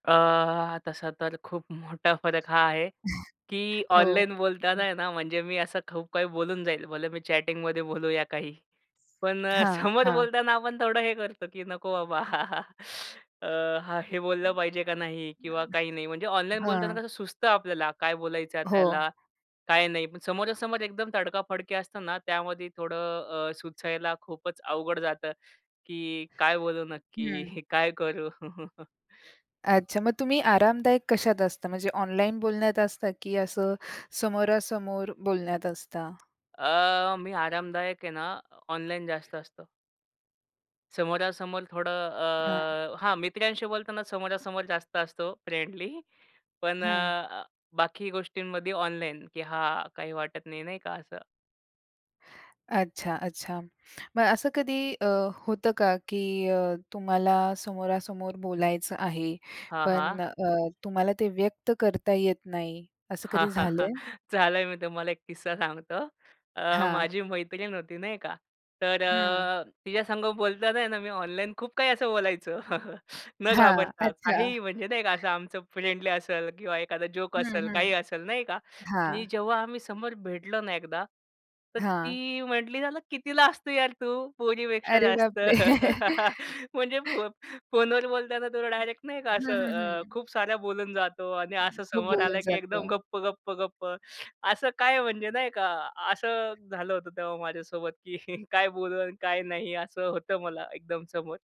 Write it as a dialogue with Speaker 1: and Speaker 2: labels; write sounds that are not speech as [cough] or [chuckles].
Speaker 1: अ, तसा तर खूप मोठा फरक हा आहे, की
Speaker 2: [chuckles] हो.
Speaker 1: ऑनलाईन
Speaker 2: हं.
Speaker 1: बोलतांना आहे ना, म्हणजे मी असं खूप काही बोलून जाईल. भले मी चॅटिंगमध्ये बोलूया काही. पण अ,
Speaker 2: हां,
Speaker 1: समोर
Speaker 2: हां.
Speaker 1: बोलतांना आपण थोडं हे करतो, की नको बाबा, [laughs] अ, हां, हे बोललं पाहिजे का नाही किंवा काही नाही म्हणजे ऑनलाईन बोलताना
Speaker 2: हां.
Speaker 1: कसं सुचतं आपल्याला काय बोलायचं आहे
Speaker 2: हो.
Speaker 1: त्याला, काय नाही, पण समोरासमोर एकदम तडका-फडकी असतं ना, त्यामध्ये थोडं अ, सुचायला खूपच अवघड जातं की काय बोलू
Speaker 2: हं.
Speaker 1: नक्की, काय करू? [laughs]
Speaker 2: अच्छा, मग तुम्ही आरामदायक कशात असता म्हणजे ऑनलाईन बोलण्यात असता की असं समोरासमोर बोलण्यात असता?
Speaker 1: अ, मी आरामदायक आहे ना, ऑनलाईन जास्त असतो. समोरासमोर थोडं
Speaker 2: हां.
Speaker 1: अ, हां, मित्रांशी बोलताना समोरासमोर जास्त असतो फ्रेंडली पण अ,
Speaker 2: हं.
Speaker 1: अ, बाकी गोष्टींमध्ये ऑनलाईन, की हां काही वाटत नाही, नाही का असं.
Speaker 2: अच्छा, अच्छा. मग असं कधी अ, होतं का, की अ, तुम्हाला समोरासमोर बोलायचं आहे,
Speaker 1: हां,
Speaker 2: पण
Speaker 1: हां.
Speaker 2: अ, तुम्हाला ते व्यक्त करता येत नाही असं कधी
Speaker 1: हाहाहा!
Speaker 2: झालंय?
Speaker 1: चालेल मी तुम्हाला एक किस्सा सांगतो. अ,
Speaker 2: हां.
Speaker 1: माझी मैत्रीण होती नाही का, तर
Speaker 2: हं.
Speaker 1: अ, तिच्यासंग बोलतांना आहे ना, मी ऑनलाईन खूप काही असं बोलायचो [chuckles] न
Speaker 2: हां.
Speaker 1: घाबरता.
Speaker 2: अच्छा.
Speaker 1: काहीही म्हणजे नाही का, असं आमचं फ्रेंडली असेल, किंवा एखादा जोक
Speaker 2: हं,
Speaker 1: असेल,
Speaker 2: हं.
Speaker 1: काही असेल, नाही का, आणि
Speaker 2: हां.
Speaker 1: जेव्हा आम्ही समोर भेटलो ना, एकदा तर
Speaker 2: हां.
Speaker 1: ती म्हटली मला किती लाजतो यार तू पोरीपेक्षा
Speaker 2: अरे
Speaker 1: जास्त.
Speaker 2: बापरे!
Speaker 1: [laughs] म्हणजे
Speaker 2: [laughs]
Speaker 1: फो फोनवर बोलताना तुला डायरेक्ट नाही का, असं
Speaker 2: हं, हं,
Speaker 1: अ,
Speaker 2: हं.
Speaker 1: खूप सारा बोलून जातो आणि
Speaker 2: हं.
Speaker 1: असं
Speaker 2: खूप
Speaker 1: समोर
Speaker 2: बोललं
Speaker 1: आला की एकदम
Speaker 2: जातं.
Speaker 1: गप्प, गप्प, गप्प. असं काय म्हणजे नाही का. असं झालं होतं तेव्हा माझ्यासोबत की काय बोलू आणि काय नाही असं होतं मला एकदम समोर.